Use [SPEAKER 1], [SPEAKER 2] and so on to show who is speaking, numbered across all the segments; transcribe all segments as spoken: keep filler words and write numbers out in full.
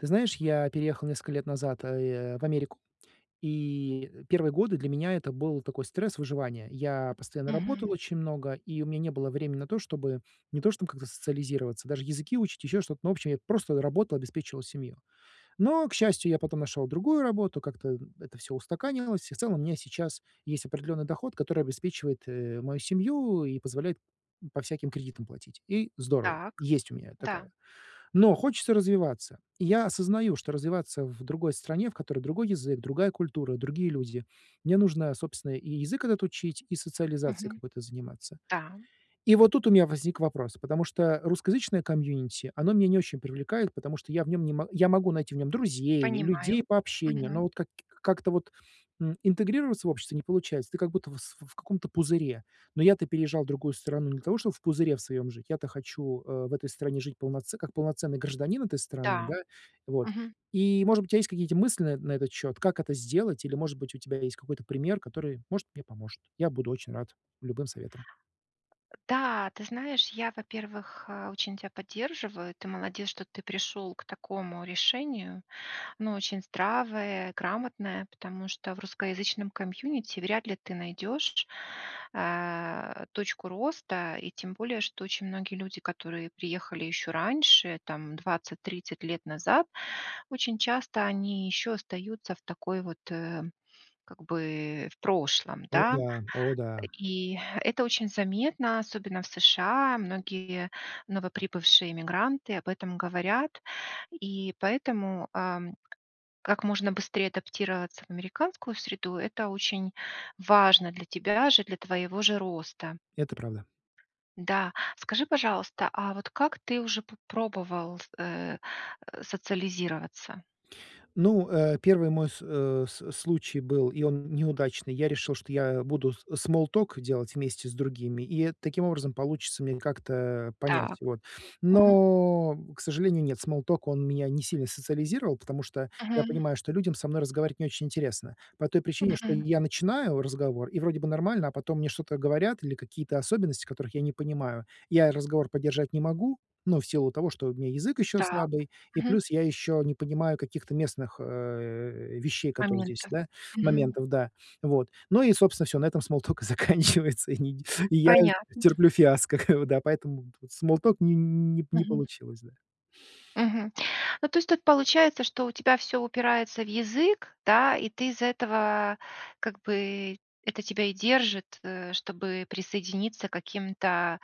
[SPEAKER 1] Ты знаешь, я переехал несколько лет назад, э, а, э, в Америку, и первые годы для меня это был такой стресс выживания. Я постоянно работал
[SPEAKER 2] Мгм.
[SPEAKER 1] очень много, и у меня не было времени на то, чтобы, не то чтоб как-то социализироваться, даже языки учить, еще что-то. Ну в общем, я просто работал, обеспечивал семью. Но, к счастью, я потом нашел другую работу. Как-то, м, это всё устаканилось и, в целом, у меня сейчас есть определенный доход, который обеспечивает, э, мою семью, и позволяет по всяким кредитам платить. И здорово.
[SPEAKER 2] Так.
[SPEAKER 1] Есть у меня такая.
[SPEAKER 2] Да.
[SPEAKER 1] Но хочется развиваться. И я осознаю, что развиваться в другой стране, в которой другой язык, другая культура, другие люди, мне нужно, собственно, и язык этот учить, и социализацией
[SPEAKER 2] Мгм.
[SPEAKER 1] какой-то заниматься.
[SPEAKER 2] Да.
[SPEAKER 1] И вот тут у меня возник вопрос, потому что русскоязычное комьюнити- оно меня не очень привлекает, потому что я в нём не мо я могу найти в нём друзей, людей
[SPEAKER 2] Понимаю.
[SPEAKER 1] по общению, но
[SPEAKER 2] Мгм.
[SPEAKER 1] вот как и как-то вот, м, интегрироваться в общество не получается. Ты как будто в с в каком-то пузыре. Но я то переезжал в другую страну не для того, чтобы в пузыре в своем жить. Я-то хочу, э, в этой стране жить полноце как полноценный гражданин этой страны, да.
[SPEAKER 2] Да.
[SPEAKER 1] Вот,
[SPEAKER 2] Мгм.
[SPEAKER 1] и, может быть, у тя есть какие-нить мысли на на этот счёт, как это сделать, или, может быть, у тебя есть какой-то пример, который, может, мне поможет. Я буду очень рад любым советам.
[SPEAKER 2] Да, ты знаешь, я, во-первых, очень тебя поддерживаю. Ты молодец, что ты пришел к такому решению, оно очень здравое, грамотное, потому что в русскоязычном комьюнити вряд ли ты найдешь, э, точку роста. И тем более, что очень многие люди, которые приехали еще раньше, там, двадцать тридцать лет назад, очень часто они еще остаются в такой вот, э, как бы, в прошлом,
[SPEAKER 1] О,
[SPEAKER 2] да.
[SPEAKER 1] да. О, да.
[SPEAKER 2] И это очень заметно, особенно в США. Многие новоприбывшие иммигранты об этом говорят, и поэтому, ам, как можно быстрее адаптироваться в американскую среду- это очень важно для тебя же, для твоего же роста.у
[SPEAKER 1] Это правда.
[SPEAKER 2] Да. Скажи, пожалуйста, а вот как ты уже п пробовал с э, э, социализироваться?
[SPEAKER 1] Ну, э, первый мой с э, с случай был, и он неудачный: я решил, что я буду с смол ток делать вместе с другими, и таким образом получится мне как-то понять.
[SPEAKER 2] Так.
[SPEAKER 1] Вот.
[SPEAKER 2] Мгм.
[SPEAKER 1] Но, к сожалению, нет. Смол ток- он меня не сильно социализировал, потому что, я
[SPEAKER 2] Мгм.
[SPEAKER 1] понимаю, что людям со мной разговаривать не очень интересно, по той причине, что
[SPEAKER 2] Мгм.
[SPEAKER 1] я начинаю разговор, и вроде бы нормально, а потом мне что-то говорят, или какие-то особенности, которых я не понимаю, я разговор поддержать не могу, ну, в силу того, что у меня язык еще
[SPEAKER 2] Так.
[SPEAKER 1] слабый, и
[SPEAKER 2] Мгм.
[SPEAKER 1] плюс я еще не понимаю каких-то местных, э, вещей, которые здесь,
[SPEAKER 2] Моментов,
[SPEAKER 1] да,
[SPEAKER 2] мгм.
[SPEAKER 1] моментов, да, вот. Ну, и, собственно, всё, на этом смол ток и заканчивается, и не и я
[SPEAKER 2] Понятно.
[SPEAKER 1] терплю фиаско, как бы, да, поэтому вот смол ток не не не
[SPEAKER 2] Мгм.
[SPEAKER 1] получилось, да.
[SPEAKER 2] Мгм. Ну, то есть тут получается, что у тебя всё упирается в язык, да, и ты из-за этого, как бы, это тебя и держит, э, чтобы присоединиться к каким-то,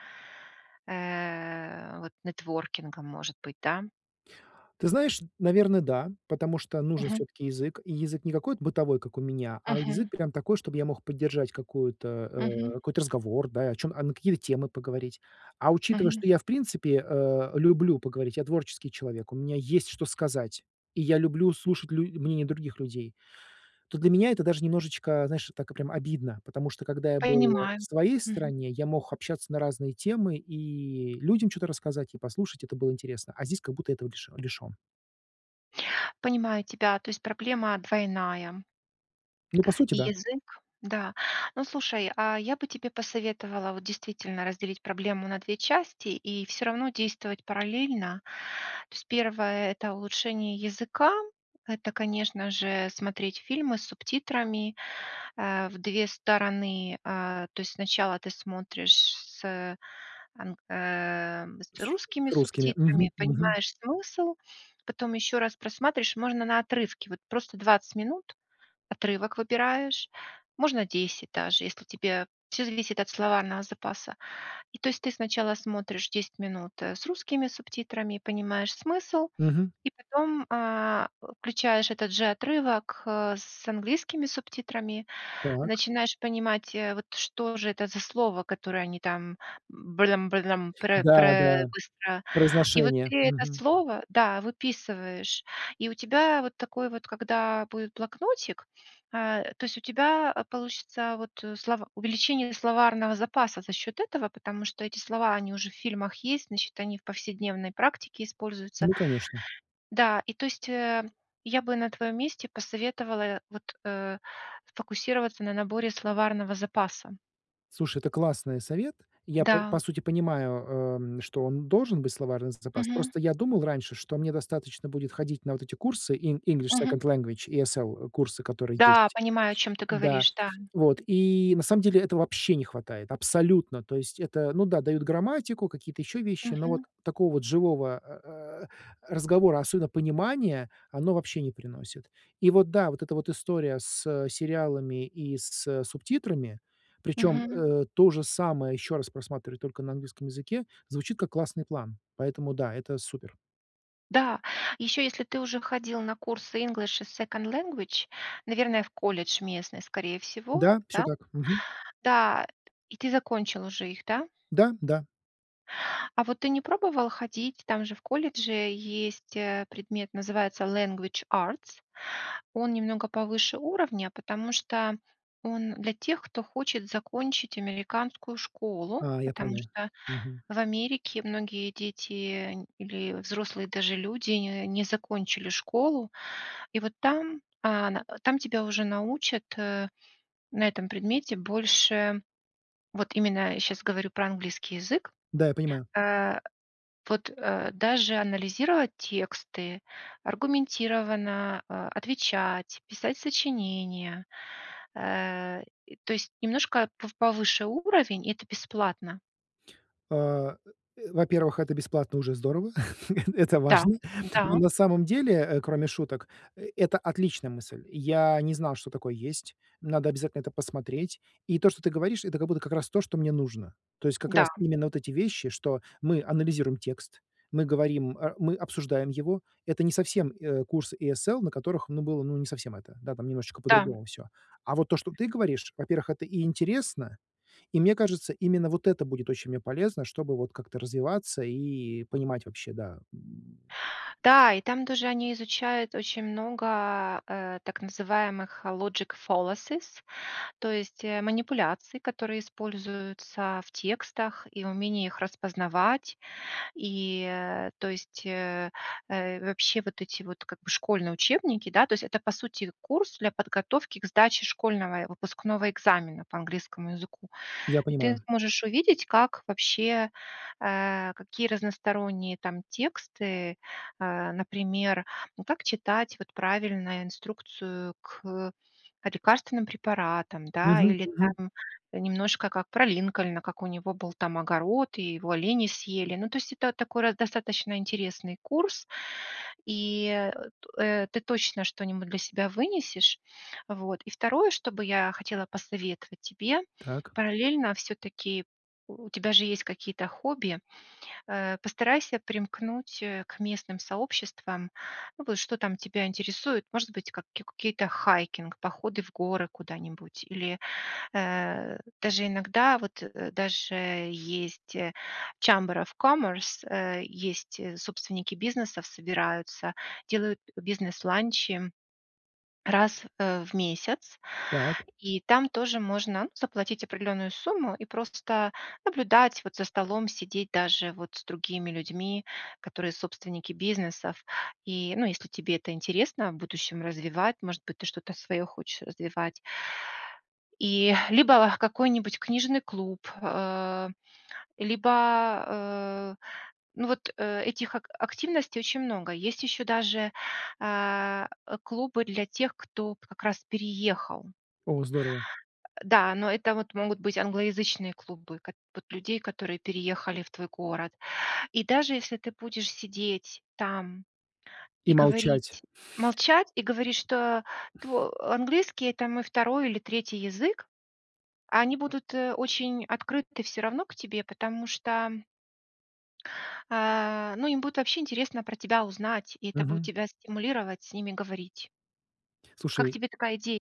[SPEAKER 2] э, вот, нетворкингам, может быть, да?
[SPEAKER 1] Ты знаешь, наверно, да. Потому что нужен
[SPEAKER 2] Мгм.
[SPEAKER 1] всё-таки язык. И язык не какой-то бытовой, как у меня, а язык
[SPEAKER 2] Мгм.
[SPEAKER 1] прям такой, чтобы я мог поддержать какую-то, э,
[SPEAKER 2] Мгм.
[SPEAKER 1] какой-то разговор, да, о чём а, на какие темы поговорить. А учитывая,
[SPEAKER 2] Мгм.
[SPEAKER 1] что я, в принципе, э, люблю поговорить, я- творческий человек, у меня есть, что сказать, и я люблю слушать лю мнение других людей, то для меня это даже немножечко, знаешь, так, прям обидно. Потому что, когда я был в
[SPEAKER 2] Понимаю.
[SPEAKER 1] своей
[SPEAKER 2] Мгм.
[SPEAKER 1] стране, я мог общаться на разные темы и людям чё-то рассказать, и послушать. Это было интересно. А здесь как будто этого лиш лишен.
[SPEAKER 2] Понимаю тебя, то есть проблема двойная.
[SPEAKER 1] Ну, по сути,
[SPEAKER 2] И
[SPEAKER 1] да.
[SPEAKER 2] язык. Да. Ну, слушай, а, я бы тебе посоветовала вот действительно разделить проблему на две части и всё равно действовать параллельно. То есть, первое- это улучшение языка, это, конечно же, смотреть фильмы с субтитрами, а, в две стороны. А, то есть, сначала ты смотришь с, э, ам, э, с
[SPEAKER 1] С
[SPEAKER 2] русскими
[SPEAKER 1] с русскими.
[SPEAKER 2] субтитрами,
[SPEAKER 1] Мгм, мгм.
[SPEAKER 2] понимаешь смысл, потом еще раз просматриваешь, и можно на отрывке, вот просто двадцать минут отрывок выбираешь, можно десять даже, если тебе всё зависит от словарного запаса. И то есть, ты сначала смотришь десять минут, э, с русскими субтитрами и понимаешь смысл,
[SPEAKER 1] Мгм.
[SPEAKER 2] и потом, а, включаешь этот же отрывок, э, с английскими субтитрами,
[SPEAKER 1] Так.
[SPEAKER 2] начинаешь понимать, вот что же это за слово, которое они там "брылам брылам прэ
[SPEAKER 1] Да,
[SPEAKER 2] прэ"
[SPEAKER 1] да,
[SPEAKER 2] быстро. И вот
[SPEAKER 1] произношение.
[SPEAKER 2] ты это
[SPEAKER 1] Мгм.
[SPEAKER 2] слово, да, выписываешь, и у тебя вот такой вот когда будет блокнотик, э, то есть у тебя получится вот слова увеличение словарного запаса за счет этого, потому что эти слова- они уже в фильмах есть, значит, они в повседневной практике используются.
[SPEAKER 1] Ну, конечно.
[SPEAKER 2] Да, и то есть, э, я бы на твоем месте посоветовала, э, вот, э, сфокусироваться на наборе словарного запаса.
[SPEAKER 1] Слушай, это классное совет. Я, п по
[SPEAKER 2] Да.
[SPEAKER 1] сути, понимаю, э, м, что он должен быть словарный з запас.
[SPEAKER 2] Мгм.
[SPEAKER 1] Просто я думал раньше, что мне достаточно будет ходить на вот эти курсы, En english
[SPEAKER 2] Мгм.
[SPEAKER 1] Second Language, и SL курсы, которые
[SPEAKER 2] Да,
[SPEAKER 1] есть.
[SPEAKER 2] понимаю, о чем ты
[SPEAKER 1] Да,
[SPEAKER 2] говоришь. Да.
[SPEAKER 1] вот, и, на самом деле, этого вообще не хватает, абсолютно. То есть это, ну да, дают грамматику, какие-то еще вещи, но вот
[SPEAKER 2] Мгм.
[SPEAKER 1] такого вот живого а, а, э, разговора, особенно понимания, оно вообще не приносит. И вот, да, вот эта вот история с сериалами и с субтитрами, причем,
[SPEAKER 2] Мгм.
[SPEAKER 1] э, то же самое, еще раз просматривать только на английском языке, звучит как классный план. Поэтому да. Это супер.
[SPEAKER 2] Да. Еще, если ты уже ходил на курсы English и Second Language, наверное, в колледж местный, скорее всего,
[SPEAKER 1] Да, всё
[SPEAKER 2] да?
[SPEAKER 1] так. Мгм.
[SPEAKER 2] Да. И ты закончил уже их, да?
[SPEAKER 1] Да, да.
[SPEAKER 2] А вот ты не пробовал ходить, там же в колледже есть, э, предмет, называется Language Arts. Он немного повыше уровня, потому что он для тех, кто хочет закончить американскую школу,
[SPEAKER 1] А, я
[SPEAKER 2] потому
[SPEAKER 1] понял.
[SPEAKER 2] что
[SPEAKER 1] Мгм.
[SPEAKER 2] в Америке многие дети или взрослые, даже люди, н не закончили школу. И вот там, а, на, а, тебя уже научат, э, на этом предмете больше, вот именно, я щас говорю про английский язык,
[SPEAKER 1] Да, я понимаю.
[SPEAKER 2] э, вот, э, даже анализировать тексты, аргументированно, э, отвечать, писать сочинения, э, э, то есть немножко пов повыше уровень, и это бесплатно.
[SPEAKER 1] А, э, во-первых во-первых, это бесплатно- уже здорово. Это
[SPEAKER 2] Да
[SPEAKER 1] важно. Ну,
[SPEAKER 2] да.
[SPEAKER 1] на самом деле, э, кроме шуток, это отличная мысль. Я не знал, что такое есть. Надо обязательно это посмотреть. И то, что ты говоришь,- это как будто как раз то, что мне нужно. То есть как раз
[SPEAKER 2] Да.
[SPEAKER 1] именно вот эти вещи, что мы анализируем текст, мы говорим, а, мы обсуждаем его,- это не совсем, э, курсы ESL, на которых, ну, было, ну, не совсем это. Да, там немножечко
[SPEAKER 2] Да.
[SPEAKER 1] по-другому всё. А вот то, что ты говоришь, во-первых, это и интересно, и, мне кажется, именно вот это будет очень мне полезно, чтобы вот как-то развиваться и понимать вообще, да.
[SPEAKER 2] Да. И там тоже они изучают очень много, э, так называемых logic fallacies, то есть, э, манипуляций, которые используются в текстах, и умении их распознавать, и, э, то есть, э, э, вообще вот эти вот как бы школьные учебники, да, то есть, это, по сути, курс для подготовки к сдаче школьного и выпускного экзамена по английскому языку.
[SPEAKER 1] Я
[SPEAKER 2] И ты
[SPEAKER 1] понимаю.
[SPEAKER 2] сможешь увидеть, как вообще, э, какие разносторонние там тексты, э. Например, ну, как читать вот правильно инструкцию к лекарственным препаратам, да,
[SPEAKER 1] Мгм,
[SPEAKER 2] или
[SPEAKER 1] мгм.
[SPEAKER 2] там немножко как про Линкольна, как у него был там огород и его олени съели. Но, то есть, это такой раз достаточно интересный курс, и, э, ты точно что-нибудь для себя вынесешь, вот. И второе, что бы я хотела посоветовать тебе-
[SPEAKER 1] Так.
[SPEAKER 2] параллельно всё-таки, у тебя же есть какие-то хобби, э, постарайся примкнуть, э, к местным сообществам, ну, вот что там тебя интересует, может быть, ка кикукие-то хайкинг, походы в горы куда-нибудь, или, э, даже иногда вот, э, даже есть, э, Сhamber of commerce, э, есть, э, собственники бизнесов собираются, делают бизнес-ланчи раз в месяц.
[SPEAKER 1] Так.
[SPEAKER 2] И там тоже можно заплатить определенную сумму и просто наблюдать вот за столом, сидеть даже вот с другими людьми, которые собственники бизнесов, и, ну, если тебе это интересно, в будущем развивать. Может быть, ты что-то свое хочешь развивать. И, либо, какой-нибудь книжный клуб. Э, либо, э, ну вот, э, этих ак активностей очень много. Есть еще даже, э, э, клубы для тех, кто вот как раз переехал.
[SPEAKER 1] О, здорово.
[SPEAKER 2] Э, э, да, но это вот могут быть англоязычные клубы кот вот людей, которые переехали в твой город. И даже если ты будешь сидеть там и
[SPEAKER 1] И молчать.
[SPEAKER 2] говорить, молчать и говорить, что тво английский- это мой второй или третий язык, а они будут, э, очень открыты всё равно к тебе, потому что э, ну им будет вообще интересно про тебя узнать, и это будет
[SPEAKER 1] Мгм.
[SPEAKER 2] тебя стимулировать с ними говорить. Как
[SPEAKER 1] Слушай
[SPEAKER 2] тебе такая иде?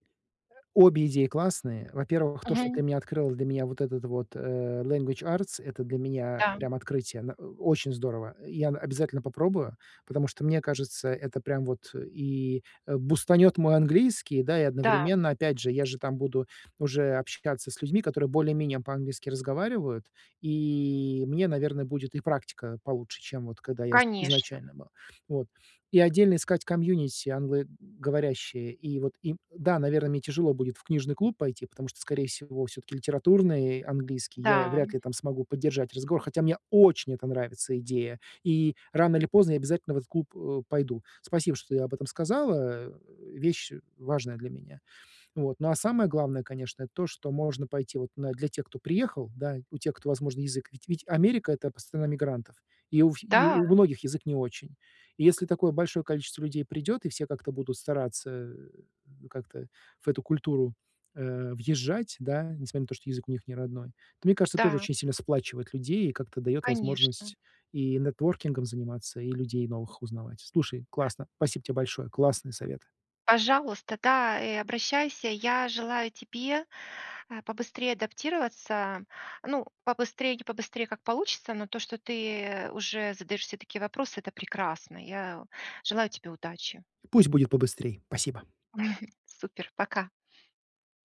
[SPEAKER 1] Обе идеи классные. Во-первых, то, что
[SPEAKER 2] Мгм.
[SPEAKER 1] ты мне открыл для меня вот этот вот, э, Language Arts,- это для меня
[SPEAKER 2] Да.
[SPEAKER 1] прям открытие. На, э, очень здорово. Я, н обязательно попробую, потому что мне кажется, это прямо вот, э, и, э, бустанёт мой английский, да, и,
[SPEAKER 2] Да.
[SPEAKER 1] одновременно, опять же, я же там буду уже общаться с людьми, которые более-менее по-английски разговаривают, и мне, наверно, будет и практика получше, чем вот когда я из
[SPEAKER 2] Конечно.
[SPEAKER 1] изначально был. Вот. И отдельно искать комьюнити англоговорящее. И вот им да, наверное, мне тяжело будет в книжный клуб пойти, потому что, скорее всего, всё-таки литературный английский я
[SPEAKER 2] Да.
[SPEAKER 1] вряд ли там смогу поддержать разговор, хотя мне очень эта нравится идея, и, рано или поздно, я обязательно в этот клуб, э, пойду. Спасибо, что ты об этом сказала, э. Вещь, э, важная для меня. Вот, ну а самое главное, конечно, это то, что можно пойти вот на для тех, кто приехал, да, у тех, кто, возможно, язык ведь ведь Америка- это пс страна мигрантов. И у фи и
[SPEAKER 2] Да?
[SPEAKER 1] у у многих язык не очень. И если такое большое количество людей придет, и все как-то будут стараться, э, ну как-то в эту культуру, э, въезжать, да, несмотря на то, что язык у них не родной, то, мне кажется, тоже
[SPEAKER 2] Да.
[SPEAKER 1] очень сильно сплачивает людей, и как-то дает
[SPEAKER 2] Конечно.
[SPEAKER 1] возможность и нетворкингом заниматься, и людей новых узнавать. Слушай, классно. Спасибо тебе большое. Классные советы.
[SPEAKER 2] Пожалуйста, да, и обращайся. Я желаю тебе, а, побыстрее адаптироваться. Ну, побыстрей, не побыстрей, как получится, но то, что ты уже задаешь себе такие вопросы,- это прекрасно. Я желаю тебе удачи.
[SPEAKER 1] Пусть будет побыстрей. Спасибо.
[SPEAKER 2] Супер! Пока!